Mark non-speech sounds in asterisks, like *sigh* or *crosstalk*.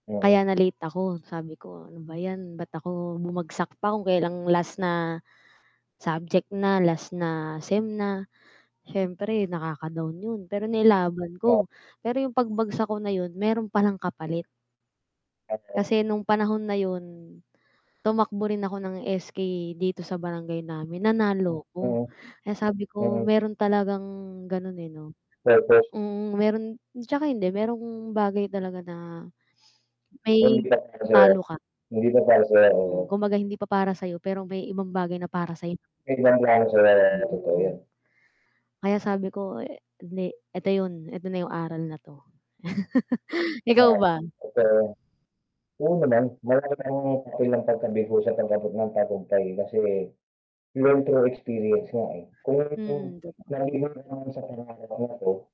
Mm. Kaya na late ako sabi ko ano ba 'yan ba't ako bumagsak pa kung kailan last na subject na, last na sem na. Siyempre nakaka-down 'yon pero nilaban *unintelligible* ko, pero 'yong pagbagsak ko na 'yon meron palang kapalit. *unintelligible* Kasi nung panahon na yun tumakbo rin ako ng SK dito sa Barangay namin, nanalo ko. Mm. Kaya sabi ko Mm. meron talagang gano'n eh, 'no. Purpose. Mm, meron tsaka hindi merong bagay talaga na Kung may hindi pa par sayo, talo ka. hindi pa para sayo oo. Mm, kumbaga hindi pa para sa'yo, pero may ibang bagay na para sayo. *unintelligible* Totoo Mm. yun. kaya sabi ko e hindi, eto yun, eto na yung aral na 'to. *laughs* Ikaw Ah. ba? Totoo. Ganun naman, malaki ang papel ng pagkabigo sa pag-abot ng tagumpay kasi learn through experience nga eh kung Mm, totoo. *unintelligible* sa pangarap naten.